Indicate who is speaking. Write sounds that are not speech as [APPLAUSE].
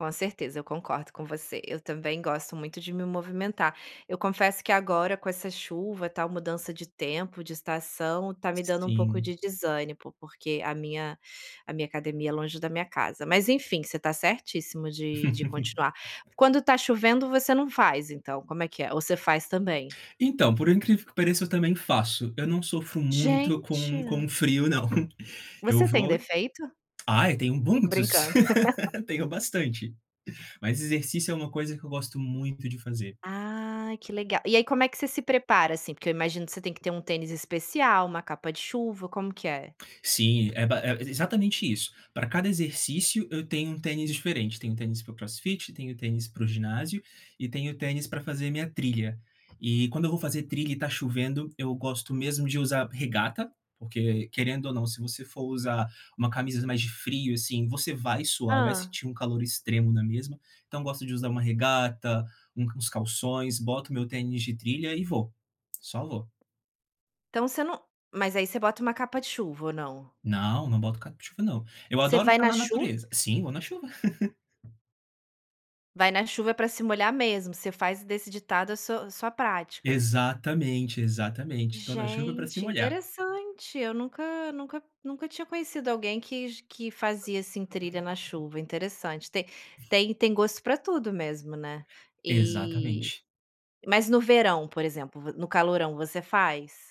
Speaker 1: Com certeza, eu concordo com você. Eu também gosto muito de me movimentar. Eu confesso que agora, com essa chuva, tal, mudança de tempo, de estação, tá me dando um pouco
Speaker 2: Sim.
Speaker 1: de desânimo, porque a minha a minha academia é longe da minha casa. Mas enfim, você tá certíssimo de de
Speaker 2: [LAUGHS]
Speaker 1: continuar. Quando está chovendo, você não faz, então, como é que é? Ou você faz também?
Speaker 2: Então, por incrível que pareça, eu também faço. Eu não sofro muito com
Speaker 1: Gente.
Speaker 2: com o frio não. Eu
Speaker 1: Você tem
Speaker 2: vou oi?
Speaker 1: defeito?
Speaker 2: ah, tenho muitos,
Speaker 1: Brincando. [LAUGHS]
Speaker 2: [LAUGHS] tenho bastante. Mas exercício é uma coisa que eu gosto muito de fazer.
Speaker 1: Ai, que legal. E aí como é que você se prepara, assim, porque eu imagino que você tem que ter um tênis especial, uma capa de chuva, como que é?
Speaker 2: Sim, é ba é exatamente isso, pra cada exercício, eu tenho um tênis diferente. Tenho tênis para o crossfit, tenho tênis para o ginásio, e tenho tênis pra fazer minha trilha. E, quando eu vou fazer trilha, e está chovendo, eu gosto mesmo de usar regata, porque querendo ou não, se você for usar um camisa mais de frio, assim, você vai suar, vai
Speaker 1: Hã.
Speaker 2: sentir um calor extremo na mesma. Então eu gosto de usar um regata, u uns calções, boto meu tênis de trilha e vou. Só vou.
Speaker 1: Então você não mas aí você bota uma capa de chuva, ou não?
Speaker 2: Não, não boto capa de chuva não. Eu
Speaker 1: Você
Speaker 2: adoro
Speaker 1: vai
Speaker 2: tá
Speaker 1: na
Speaker 2: na
Speaker 1: chu
Speaker 2: natureza sim, vou na chuva. [LAUGHS]
Speaker 1: "Vai na chuva, é pra se molhar mesmo". Você faz desse ditado a sua a sua pratica.
Speaker 2: Exatamente, exatamente, estou na chuva pra se
Speaker 1: Gente,
Speaker 2: molhar.
Speaker 1: interessante, eu nunca nunca nunca tinha conhecido alguém que g que fazia assim, trilha na chuva, interessante. Te tem tem gosto pra tudo mesmo, né. E,
Speaker 2: Exatamente.
Speaker 1: mas no verão, por exemplo, vo no calorão, você faz?